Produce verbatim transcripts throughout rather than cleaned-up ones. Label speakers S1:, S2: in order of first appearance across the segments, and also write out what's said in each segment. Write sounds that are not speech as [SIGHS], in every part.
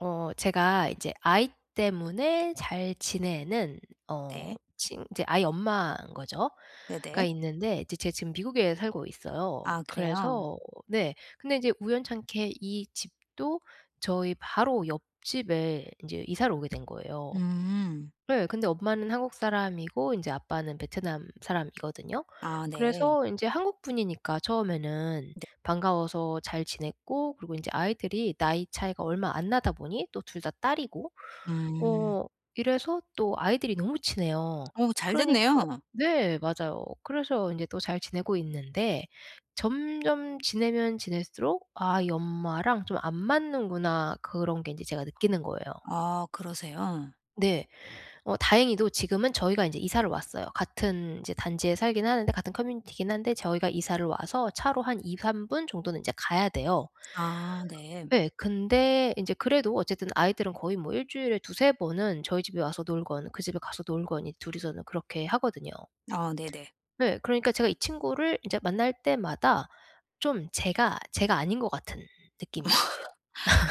S1: 어 제가 이제 아이 때문에 잘 지내는 어
S2: 네.
S1: 친 이제 아이 엄마인 거죠 가
S2: 네네.
S1: 있는데 이제 제가 지금 미국에 살고 있어요.
S2: 아, 그래요?
S1: 그래서 네. 근데 인제 우연찮게 이 집도 저희 바로 옆집에 인제 이사를 오게 된 거예요.
S2: 음.
S1: 네. 근데 엄마는 한국 사람이고 인제 아빠는 베트남 사람이거든요.
S2: 아, 네.
S1: 그래서 인제 한국 분이니까 처음에는
S2: 네.
S1: 반가워서 잘 지냈고 그리고 인제 아이들이 나이 차이가 얼마 안 나다 보니 또 둘 다 딸이고
S2: 음.
S1: 어 이래서 또 아이들이 너무 친해요.
S2: 어, 잘
S1: 그러니까
S2: 됐네요.
S1: 네 맞아요. 그래서 인제 또 잘 지내고 있는데 점점 지내면 지낼수록 '아 이 엄마랑 좀 안 맞는구나.' 그런 게 인제 제가 느끼는 거예요.
S2: 아, 그러세요?
S1: 네. 어 다행히도 지금은 저희가 인제 이사를 왔어요. 같은 이제 단지에 살기는 하는데 같은 커뮤니티기는 한데 저희가 이사를 와서 차로 한 이삼 분 정도는 인제 가야 돼요.
S2: 아, 네.
S1: 예. 근데 인제 그래도 어쨌든 아이들은 거의 뭐 일 주일에 두세 번은 저희 집에 와서 놀건 그 집에 가서 놀건 이제 둘 이서는 그렇게 하거든요.
S2: 아, 네네.
S1: 네. 그러니까 제가 이 친구를 이제 만날 때마다 좀 제가, 제가 아닌 것 같은 느낌인 거예요.
S2: [LAUGHS]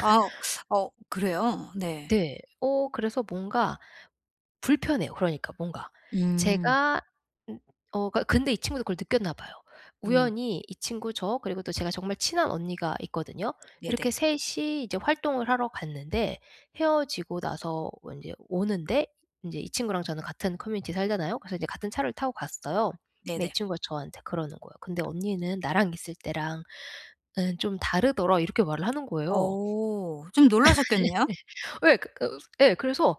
S2: 아 [SUCKS TEETH] 어, 그래요? 네.
S1: 네. 어 그래서 뭔가 불편해요, 그러니까 뭔가.
S2: 음.
S1: 제가 음. 어 그러니까 근데 이 친구도 그걸 느꼈나 봐요.
S2: 음.
S1: 우연히 이 친구, 저, 그리고 또 제가 정말 친한 언니가 있거든요. 이렇게
S2: 네네.
S1: 셋 이 이제 활동을 하러 갔는데 헤어지고 나서 인제 오는데 인제 이 친구랑 저는 같은 커뮤니티에 살잖아요. 그래서 이제 같은 차를 타고 갔어요. 근데 이
S2: 네네.
S1: 친구가 저한테 그러는 거예요. "근데 언니는 나랑 있을 때랑은 좀 다르더라." 이렇게 말을 하는 거예요.
S2: 어. 좀 놀라셨겠네요?
S1: [LAUGHS] 예. 어 그 예, 그래서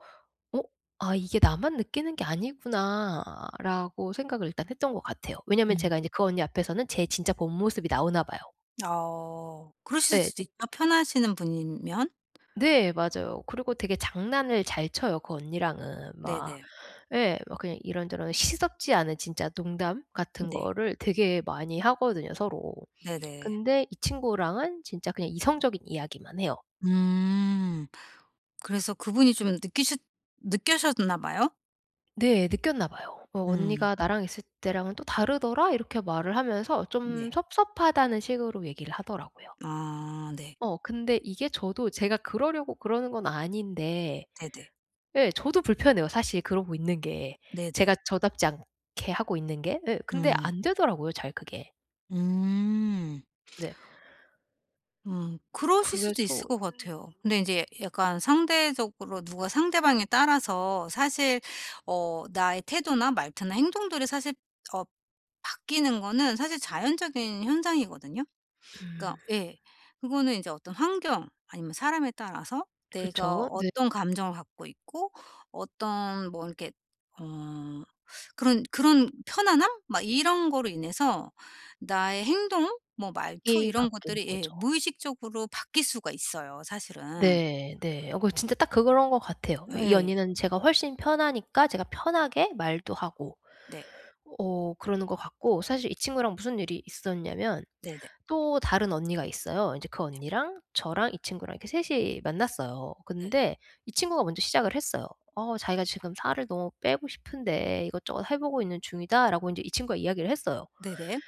S1: 어 '아 이게 나만 느끼는 게 아니구나.'라고 생각을 일단 했던 것 같아요. 왜냐하면
S2: 음.
S1: 제가 인제 그 언니 앞에서는 제 진짜 본 모습이 나오나 봐요.
S2: 어. 그러실
S1: 예.
S2: 수도 있죠
S1: 되
S2: 편하시는 분이면.
S1: 네 맞아요. 그리고 되게 장난을 잘 쳐요 그 언니랑은. 막
S2: 네네.
S1: 예 막 그냥 이런저런 시덥지 않은 진짜 농담 같은
S2: 네.
S1: 거를 되게 많이 하거든요 서로.
S2: 네네.
S1: 근데 이 친구랑은 진짜 그냥 이성적인 이야기만 해요.
S2: 음. 그래서 그분이 좀 느끼싰 느껴셨나 봐요.
S1: 네, 느꼈나 봐요. "왜
S2: 음.
S1: 언니가 나랑 있을 때랑은 또 다르더라?" 이렇게 말을 하면서 좀
S2: 네.
S1: 섭섭하다는 식으로 얘기를 하더라고요.
S2: 아 네.
S1: 어. 근데 이게 저도 제가 그러려고 그러는 건 아닌데
S2: 네네.
S1: 예 저도 불편해요 사실 그러고 있는 게.
S2: 네네.
S1: 제가 저답지 않게 하고 있는 게. 예 근데
S2: 음.
S1: 안되더라고요 잘 그게.
S2: 음.
S1: 네.
S2: 음. 그러실 수도
S1: 그래서
S2: 있을 것
S1: 음음.
S2: 같아요. 근데 인제 약간 상대적으로 누가 상대방에 따라서 사실 어 나의 태도나 말투나 행동들이 사실 어 바뀌는 거는 사실 자연적인 현상이거든요. 그러니까
S1: 음.
S2: 예 그거는 인제 어떤 환경 아니면 사람에 따라서 내가
S1: 그쵸. 네.
S2: 어떤 감정을 갖고 있고 어떤 뭐 이렇게 어 그런 그런 편안함 막 이런 거로 인해서 나의 행동 뭐 말투
S1: 이
S2: 이런
S1: 바뀌는
S2: 것들이
S1: 거죠.
S2: 예 무의식적으로 바뀔 수가 있어요 사실은.
S1: 네 네. 어 그 진짜 딱 그거 런 것 같아요. 예 이
S2: 예.
S1: 언니는 제가 훨씬 편하니까 제가 편하게 말도 하고
S2: 네.
S1: 어 그러는 것 같고 사실 이 친구랑 무슨 일이 있었냐면
S2: 네네.
S1: 또 다른 언니가 있어요. 이제 그 언니랑 저랑 이 친구랑 이렇게 셋 이 만났어요.
S2: 네.
S1: 근데 이 친구가 먼저 시작을 했어요. 어 자기가 "지금 살을 너무 빼고 싶은데 이것저것 해보고 있는 중이다."라고 인제 이 친구가 이야기를 했어요.
S2: 네네.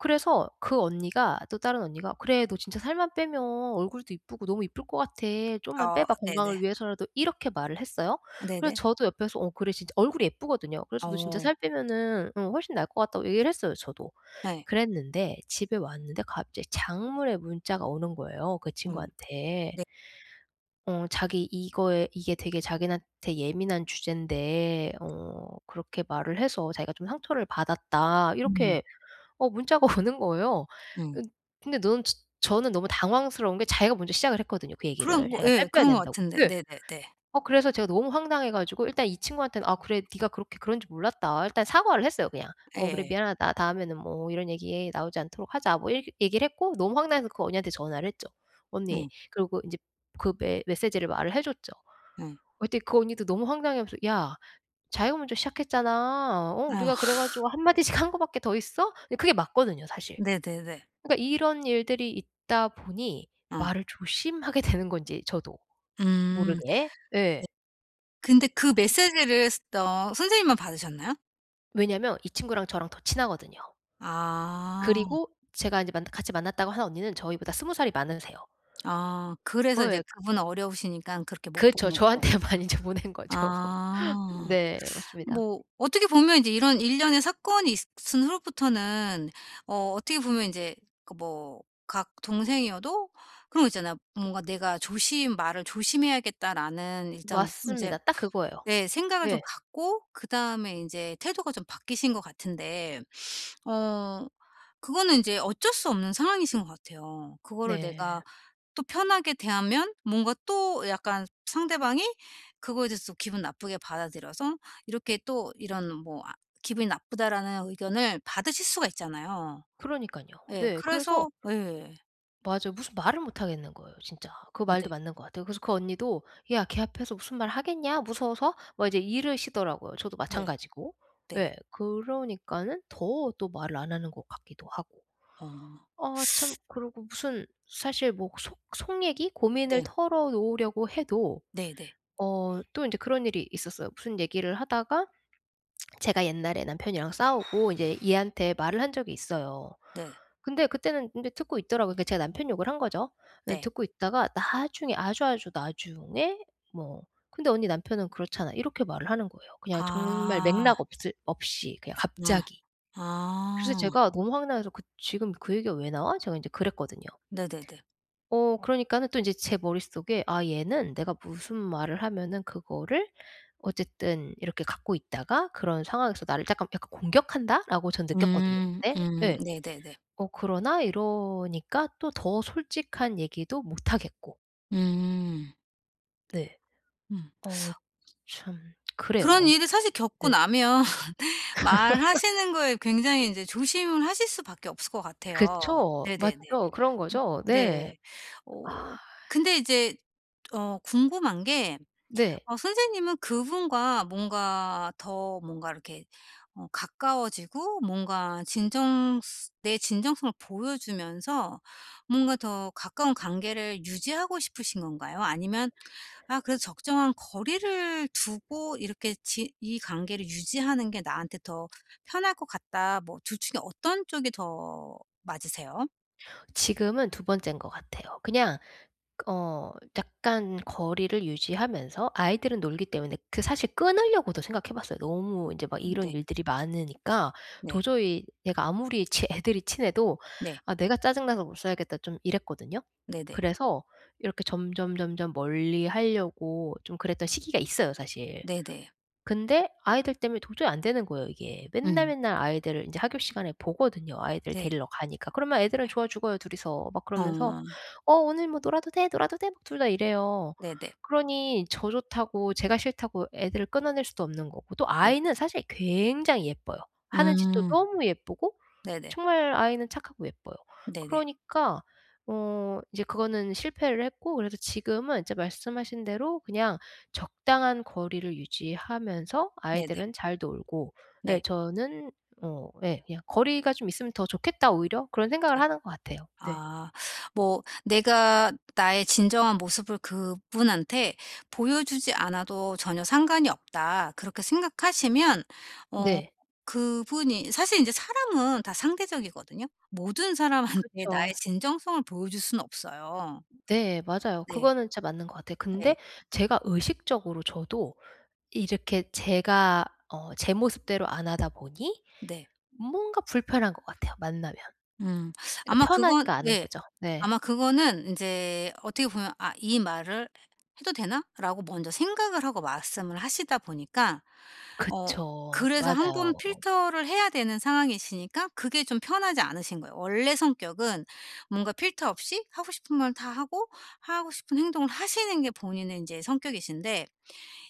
S1: 그래서 그 언니가 또 다른 언니가 "그래 너 진짜 살만 빼면 얼굴도 이쁘고 너무 이쁠 것 같아. 좀만
S2: 어
S1: 빼봐
S2: 네네.
S1: 건강을 위해서라도." 이렇게 말을 했어요. 그래서
S2: 네네.
S1: 저도 옆에서 "어 그래" 진짜 얼굴이 예쁘거든요. 그래서 "너 진짜
S2: 어.
S1: 살 빼면은 어 훨씬 나을 것 같다."고 얘기를 했어요 저도.
S2: 네.
S1: 그랬는데 집에 왔는데 갑자기 장문의 문자가 오는 거예요 그
S2: 어.
S1: 친구한테.
S2: 네.
S1: 어 자기 이거에 "이게 되게 자기네한테 되게 예민한 주제인데 어 그렇게 말을 해서 자기가 좀 상처를 받았다."
S2: 음.
S1: 이렇게 어 문자가 오는 거예요.
S2: 음.
S1: 으 근데 너는 저 저는 너무 당황스러운 게 자기가 먼저 시작을 했거든요 그 얘기를.
S2: 그런 거
S1: 자기가
S2: 예
S1: 살 빼야
S2: 그런 것
S1: 된다고.
S2: 같은데.
S1: 예.
S2: 네네네.
S1: 어 그래서 제가 너무 황당해 가지고 일단 이 친구한테는 "아 그래 네가 그렇게 그런 줄 몰랐다." 일단 사과를 했어요 그냥. "어 그래
S2: 예.
S1: 미안하다. 다음에는 뭐 이런 얘기 나오지 않도록 하자." 뭐 이렇게 얘기를 했고 너무 황당해서 그 언니한테 전화를 했죠. "언니."
S2: 음.
S1: 그리고 이제 그 메 메시지를 말을 해 줬죠. 어
S2: 음.
S1: 그랬더니 그 언니도 너무 황당해하면서 "야 자기가 먼저 시작했잖아. 어
S2: 예.
S1: 우리가 그래 가지고
S2: [LAUGHS]
S1: 한 마디씩 한 거밖에 더 있어?" 예 그게 맞거든요 사실.
S2: 네네네.
S1: 그러니까 이런 일들이 있다 보니
S2: 어.
S1: 말을 조심하게 되는 건지 저도
S2: 음. 네.
S1: 모르게 예.
S2: 근데 그 메시지를 슷 어 선생님만 받으셨나요?
S1: 왜냐하면 이 친구랑 저랑 더 친하거든요.
S2: 아.
S1: 그리고 제가 이제 만났 같이 만났다고 하는 언니는 저희보다 스무 살이 많으세요.
S2: 아
S1: 어
S2: 그래서 이제
S1: 예.
S2: 그분은 어려우시니까 그렇게 못
S1: 그렇죠.
S2: 보내고?
S1: 저한테 많이 이제 보낸 거죠. [LAUGHS]
S2: 아. [SUCKS TEETH]
S1: 네. 맞습니다.
S2: 뭐 어떻게 보면 이제 이런 일련의 사건이 있은 후로부터는 어 어떻게 보면 인제 그 뭐 각 동생이어도 그런 거 있잖아요. 뭔가 '내가 조심 말을 조심해야겠다.'라는 일단 인제
S1: 맞습니다. 딱 그거예요.
S2: 내 생각을 좀
S1: 네.
S2: 갖고 그다음에 인제 태도가 좀 바뀌신 것 같은데 [SNIFFS] 어 그거는 인제 어쩔 수 없는 상황이신 것 같아요. 그거를
S1: 네.
S2: 내가 또 편하게 대하면 뭔가 또 약간 상대방이 그거에 대해서 또 기분 나쁘게 받아들여서 이렇게 또 이런 뭐 아 "기분이 나쁘다."라는 의견을 받으실 수가 있잖아요.
S1: 그러니깐요.
S2: 예.
S1: 네, 그래서
S2: 그래서 예.
S1: 맞아요. 무슨 말을 못 하겠는 거예요, 진짜. 그
S2: 아
S1: 말도
S2: 네.
S1: 맞는 것 같아요. 그래서 그 언니도 "야 걔 앞에서 무슨 말을 하겠냐, 무서워서?" 막 이제 이러시더라고요. 저도
S2: 네.
S1: 마찬가지고.
S2: 네.
S1: 예, 그러니까는 더 또 말을 안 하는 것 같기도 하고.
S2: 어.
S1: 아 참
S2: [SUCKS TEETH]
S1: 그러고 무슨 사실 뭐 속 속 얘기 고민을
S2: 네.
S1: 털어놓으려고 해도
S2: 네네.
S1: 어 또 인제 그런 일이 있었어요. 무슨 얘기를 하다가 [SMACKS LIPS] 제가 옛날에 남편이랑 싸우고 인제 얘한테 말을 한 적이 있어요.
S2: 네.
S1: 근데 그때는 근데 듣고 있더라고요. 제가 남편 욕을 한 거죠. 예
S2: 네.
S1: 듣고 있다가 나중에 아주 아주 나중에 뭐 "근데 언니 남편은 그렇잖아." 이렇게 말을 하는 거예요. 그냥 정말
S2: 아.
S1: 맥락 없을 없이 그냥
S2: 아.
S1: 갑자기. 그래서
S2: 아.
S1: 제가 너무 황당해서 그 "지금 그 얘기가 왜 나와?" 제가 인제 그랬거든요.
S2: 네네네.
S1: 어 그러니까는 또 인제 제 머릿속에 '아 얘는 내가 무슨 말을 하면은 그거를 어쨌든 이렇게 갖고 있다가 그런 상황에서 나를 쪼금 약간 공격한다.'라고 저는 느꼈거든요
S2: 음.
S1: 그때
S2: 음.
S1: 예.
S2: 네네네.
S1: 어 그러나 이러니까 또 더 솔직한 얘기도 못 하겠고.
S2: 음.
S1: 네.
S2: 음.
S1: 어 츠 참 그래요
S2: 그런
S1: 아무튼.
S2: 일을 사실 겪고
S1: 네.
S2: 나면 [LAUGHS]
S1: [LAUGHS]
S2: 말하시는 거에 굉장히 인제 조심을 하실 수밖에 없을 것 같아요.
S1: 그쵸?
S2: 네네네.
S1: 맞죠? 그런 거죠? 네.
S2: 네. 어 근데
S1: [SIGHS]
S2: 이제 어 궁금한 게
S1: 네.
S2: 어 선생님은 그분과 뭔가 더 뭔가 이렇게 어 가까워지고 뭔가 진정스 내 진정성을 보여주면서 뭔가 더 가까운 관계를 유지하고 싶으신 건가요? 아니면 '아 그래도 적정한 거리를 두고 이렇게 지 이 관계를 유지하는 게 나한테 더 편할 것 같다.' 뭐 둘 중에 어떤 쪽이 더 맞으세요?
S1: 지금은 두 번째인 것 같아요. 그냥 어 약간 거리를 유지하면서 아이들은 놀기 때문에 그 사실 끊으려고도 생각해 봤어요. 너무 인제 막
S2: 응
S1: 이런
S2: 네.
S1: 일들이 많으니까
S2: 네.
S1: 도저히 얘가 아무리 치 애들이 친해도
S2: 네.
S1: '아 내가 짜증 나서 못 살겠다.' 좀 이랬거든요.
S2: 네네.
S1: 그래서 이렇게 점점점점 멀리 하려고 좀 그랬던 시기가 있어요 사실.
S2: 네네.
S1: 근데 아이들 때문에 도저히 안 되는 거예요 이게.
S2: 음.
S1: 맨날맨날 아이들 인제 하교 시간에 보거든요. 아이들
S2: 네.
S1: 데리러 가니까. 그러면 애들은 좋아 죽어요 둘이서. 막 그러면서
S2: 아.
S1: "어 오늘 뭐 놀아도 돼? 놀아도 돼?" 둘 다 이래요.
S2: 네네.
S1: 그러니 저 좋다고 제가 싫다고 애들을 끊어낼 수도 없는 거고 또
S2: 네.
S1: 아이는 사실 굉장히 예뻐요. 하는 짓도
S2: 아.
S1: 너무 예쁘고
S2: 네네.
S1: 정말 아이는 착하고 예뻐요.
S2: 네네.
S1: 그러니까 어 이제 그거는 실패를 했고 그래서 지금은 이제 말씀하신 대로 그냥 적당한 거리를 유지하면서
S2: 네네.
S1: 아이들은 잘 놀고 예
S2: 네.
S1: 저는 어 예 '그냥 거리가 좀 있으면 더 좋겠다 오히려.' 그런 생각을
S2: 네.
S1: 하는 것 같아요. 네.
S2: 아 뭐 '내가 나의 진정한 모습을 그분한테 보여주지 않아도 전혀 상관이 없다.' 그렇게 생각하시면 어
S1: 네.
S2: 그분이 사실 인제 사람은 다 상대적이거든요. 모든 사람한테 나의
S1: 그쵸.
S2: 진정성을 보여줄 수는 없어요.
S1: 네 맞아요.
S2: 네.
S1: 그거는 진짜 맞는 것 같아요.
S2: 네.
S1: 근데 제가 의식적으로 저도 이렇게 제가 어 제 모습대로 안 하다 보니
S2: 네.
S1: 뭔가 불편한 것 같아요, 만나면.
S2: 음. [SUCKS TEETH] 아마
S1: 그러니까
S2: 그건
S1: 편하지가 않은
S2: 예.
S1: 거죠. 네.
S2: 아마 그거는 인제 어떻게 보면 '아 이 말을 해 해도 되나?'라고 먼저 생각을 하고 말씀을 하시다 보니까 어
S1: 그쵸.
S2: 그래서 한 번
S1: 맞아요.
S2: 필터를 해야 되는 상황이시니까 그게 좀 편하지 않으신 거예요. 원래 성격은 뭔가 필터 없이 하고 싶은 말 다 하고 하고 싶은 행동을 하시는 게 본인의 인제 성격이신데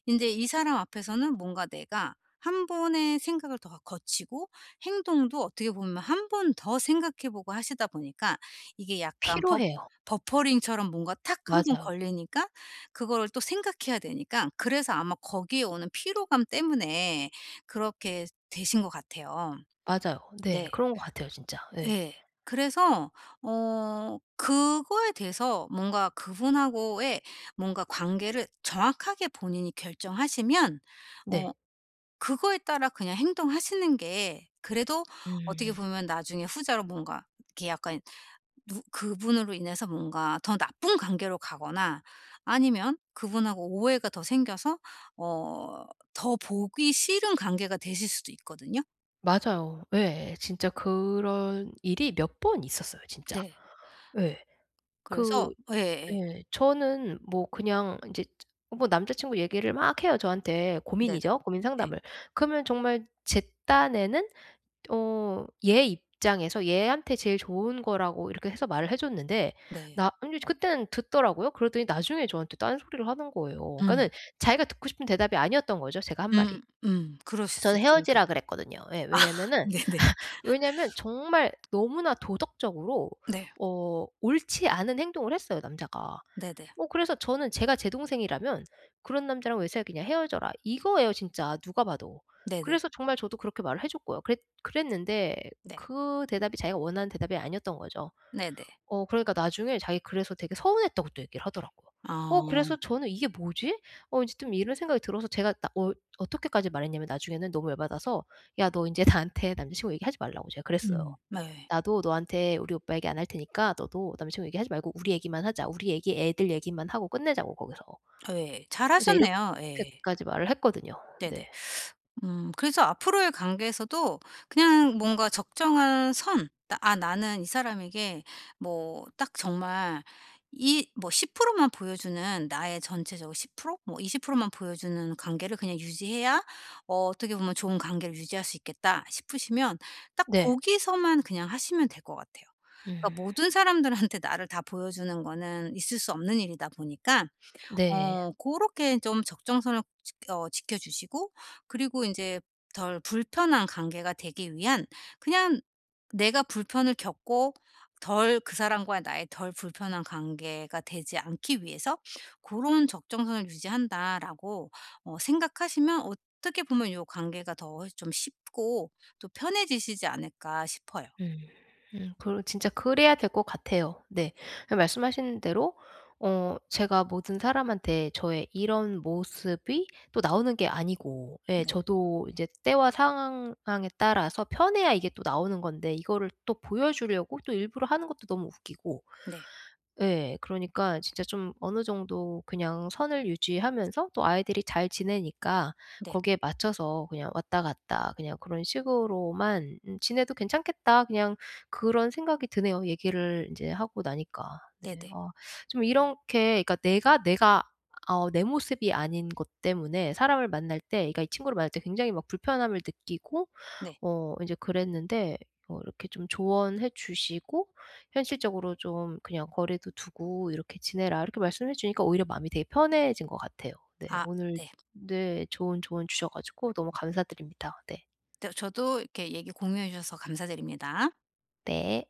S2: 인제 이 사람 앞에서는 뭔가 내가 한 번의 생각을 더 어 거치고 행동도 어떻게 보면 한 번 더 생각해 보고 하시다 보니까 이게 약간 버
S1: 피로해요.
S2: 버퍼링처럼 뭔가 탁 한 번
S1: 맞아요.
S2: 걸리니까 그거를 또 생각해야 되니까 그래서 아마 거기에 오는 피로감 때문에 그렇게 되신 것 같아요.
S1: 맞아요. 네.
S2: 네.
S1: 그런 것 같아요 진짜. 예.
S2: 예. 그래서 어 그거에 대해서 뭔가 그분하고의 뭔가 관계를 정확하게 본인이 결정하시면 어
S1: 네.
S2: 그거에 따라 그냥 행동하시는 게 그래도 어떻게
S1: 음.
S2: 보면 나중에 후자로 뭔가 이렇게 약간 누 그분으로 인해서 뭔가 더 나쁜 관계로 가거나 아니면 그분하고 오해가 더 생겨서 어 더 보기 싫은 관계가 되실 수도 있거든요.
S1: 맞아요. 예. 진짜 그런 일이 몇 번 있었어요 진짜.
S2: 네.
S1: 예. 그
S2: 그래서 예예예.
S1: 예. 저는 뭐 그냥 인제 뭐 남자 친구 얘기를 막 해요 저한테.
S2: 네네.
S1: 고민이죠 고민
S2: 네.
S1: 상담을. 그러면 정말 제 딴에는 어 얘 입장에서 얘한테 제일 좋은 거라고 이렇게 해서 말을 해 줬는데
S2: 네.
S1: 나 인제 그때는 듣더라고요. 그러더니 나중에 저한테 딴 소리를 하는 거예요.
S2: 음.
S1: 그러니까는 자기가 듣고 싶은 대답이 아니었던 거죠 제가 한
S2: 음.
S1: 말이.
S2: 음. 그러실 수
S1: 저는
S2: 있으니까.
S1: 헤어지라 그랬거든요. 예.
S2: 아
S1: 왜냐하면은
S2: 네네.
S1: [LAUGHS] 왜냐하면 정말
S2: [LAUGHS]
S1: 너무나 도덕적으로
S2: 네.
S1: 어 옳지 않은 행동을 했어요 남자가.
S2: 네네.
S1: 뭐 그래서 저는 제가 제 동생이라면 "그런 남자랑 왜 사귀냐? 헤어져라." 이거예요 진짜 누가 봐도.
S2: 네네.
S1: 그래서 정말 저도 그렇게 말을 해 줬고요. 그랬 그랬는데
S2: 네.
S1: 그 대답이 자기가 원하는 대답이 아니었던 거죠.
S2: 네네.
S1: 어 그러니까 나중에 자기 그래서 되게 서운했다고 또 얘기를 하더라고요. 어 그래서
S2: 아.
S1: 저는 '이게 뭐지?' 어 이제 좀 이런 생각이 들어서 제가 나 어 어떻게까지 말했냐면 나중에는 너무 열받아서 "야 너 인제 나한테 남자 친구 얘기하지 말라."고 제가 그랬어요.
S2: 음. 네.
S1: "나도 너한테 우리 오빠 얘기 안 할 테니까 너도 남자 친구 얘기하지 말고 우리 얘기만 하자. 우리 얘기 애들 얘기만 하고 끝내자고 거기서."
S2: 예.
S1: 이제
S2: 잘하셨네요. 예.
S1: 이렇게까지 말을 했거든요.
S2: 네네.
S1: 네.
S2: [SUCKS TEETH] 음 그래서 앞으로의 관계에서도 그냥 뭔가 적정한 선 '아 나는 이 사람에게 뭐 딱 정말 이 뭐 십 프로 만 보여 주는 나의 전체적으로 십 프로 뭐 이십 프로 만 보여 주는 관계를 그냥 유지해야 어 어떻게 보면 좋은 관계를 유지할 수 있겠다.' 싶으시면 딱
S1: 네.
S2: 거기서만 그냥 하시면 될 것 같아요.
S1: 음.
S2: 그러니까 모든 사람들한테 나를 다 보여주는 거는 있을 수 없는 일이다 보니까
S1: 네.
S2: 어 고렇게 좀 적정선을 지 어 지켜 주시고 그리고 인제 '덜 불편한 관계가 되기 위한 그냥 내가 불편을 겪고 덜 그 사람과 나의 덜 불편한 관계가 되지 않기 위해서 고런 적정선을 유지한다.'라고 어 생각하시면 어떻게 보면 요 관계가 더 좀 쉽고 또 편해지시지 않을까 싶어요.
S1: 음. 음 그래 진짜 그래야 될 것 같아요 네.
S2: 네.
S1: 그 말씀하신 대로 어 제가 모든 사람한테 저의 이런 모습이 또 나오는 게 아니고 예
S2: 네.
S1: 저도 이제 때와 상황에 따라서 편해야 이게 또 나오는 건데 이거를 또 보여 주려고 또 일부러 하는 것도 너무 웃기고
S2: 네.
S1: 예. 그러니까 진짜 좀 '어느 정도 그냥 선을 유지하면서 또 아이들이 잘 지내니까
S2: 네.
S1: 거기에 맞춰서 그냥 왔다 갔다 그냥 그런 식으로만 음 지내도 괜찮겠다.' 그냥 그런 생각이 드네요 얘기를 인제 하고 나니까. 네.
S2: 네네.
S1: 어 좀 이렁케 그러니까 내가 내가 어 내 모습이 아닌 것 때문에 사람을 만날 때 그러니까 이 친구를 만날 때 굉장히 막 불편함을 느끼고
S2: 네.
S1: 어 이제 그랬는데 어 이렇게 좀 조언해 주시고 현실적으로 좀 "그냥 거리도 두고 이렇게 지내라." 이렇게 말씀해 주니까 오히려 마음이 되게 편해진 것 같아요. 네.
S2: 아
S1: 오늘
S2: 네.
S1: 네 좋은 조언 주셔 가지고 너무 감사드립니다. 네.
S2: 네 저도 이렇게 얘기 공유해 주셔서 감사드립니다.
S1: 네.